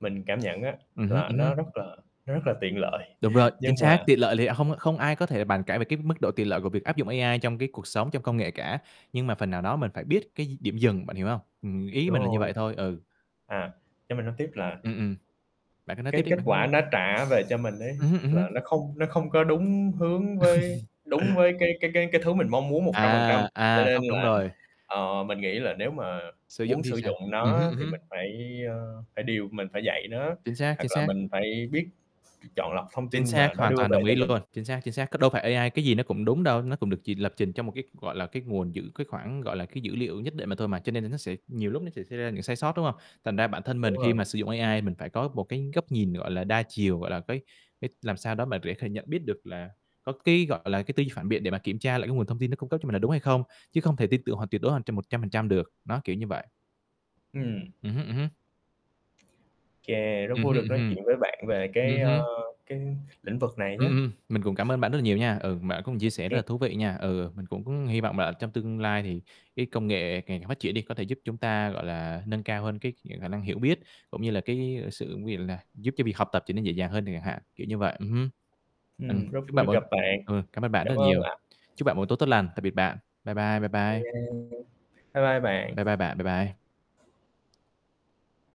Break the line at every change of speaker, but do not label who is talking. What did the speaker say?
Mình cảm nhận á,
Ừm hứm.
là
Ừm hứm.
nó rất là nó rất là tiện lợi.
Đúng rồi,
Nhưng
chính xác.
mà
Tiện lợi thì hông không ai có thể bàn cãi về cái mức độ tiện lợi của việc áp dụng AI trong cái cuộc sống, trong công nghệ cả. Nhưng mà phần nào đó mình phải biết cái d điểm dừng, bạn hiểu hông? Ừm, ý
Đúng
mình là như
rồi.
vậy thôi. Ừ.
À. Cho mình nói tiếp là
Ừm, ừm. Bạn cứ nói tiếp
Cái
đi,
kết
bạn nói
quả
đi.
nó trả về cho mình ấy,
Ừm hứm, ừm
là
hứm.
nó không nó không có đúng hướng với đúng với cái cái cái cái thứ mình mong muốn 100%.
À!
Cho
À,
nên
không đúng
là,
rồi.
ờ, mình nghĩ là nếu mà
Sử dụng
muốn
thì
sử
sao?
dụng
Ừm hứm,
nó
ừm
thì
hứm.
mình phải, a, phải điều mình phải dạy nó,
Chính xác, chính
hoặc là
xác.
mình phải biết chọn lọc thông
Chính
tin mà
xác,
nó
hoàn
đưa
toàn
về
đồng
cho
ý
mình.
luôn! Chính xác, chính xác. Cứ đâu phải AI cái gì nó cũng đúng đâu, nó cũng được chỉ lập trình trong một cái, gọi là, cái nguồn dữ cái khoảng, gọi là, cái dữ liệu nhất định mà thôi mà, cho nên là nó sẽ nhiều lúc nó sẽ xảy ra những sai sót, đúng hông? Thành ra bản thân
Đúng
mình khi
rồi.
mà sử dụng AI mình phải có một cái góc nhìn, gọi là, đa chiều, gọi là, cái cái làm sao đó mà để kh nhận biết được là có cái, gọi là, cái tư duy phản biện để mà kiểm tra lại cái nguồn thông tin nó cung cấp cho mình là đúng hay không, chứ không thể tin tưởng hoàn tuyệt đối hoàn 100% được. Đó, kiểu như vậy.
Ừm.
Ừm hứm, ừm hứm.
Chà! Rất
Ừm
vui được
hưm
nói
hừm.
chuyện với bạn về
Ừm
cái, ơ,
hưm.
cái lĩnh vực này
Ừm,
nhá.
ừm. Mình cũng cảm ơn bạn rất là nhiều nha. Ừ, bạn cũng chia sẻ rất
kê.
là thú vị nha. Ừ, ừ, mình cũng hi vọng là ở trong tương lai thì cái công nghệ ngày càng phát triển đi có thể giúp chúng ta, gọi là, nâng cao hơn cái [unintelligible] khả năng hiểu biết cũng như là cái sự ví dụ là giúp cho việc học tập trở nên dễ dàng hơn chẳng hạn, kiểu như vậy. Ừm hưm. Ừm,
Ừm, rất
chúc
vui
bạn
được
một
gặp bạn.
ừm, cảm ơn bạn
Cảm
rất là
ơn
nhiều.
ạ.
Chúc bạn một tối tốt tốt lành, tạm biệt bạn. Bye bye, bye bye.
[unintelligible] Bye bye bạn.
Bye bye bạn. Bye bye.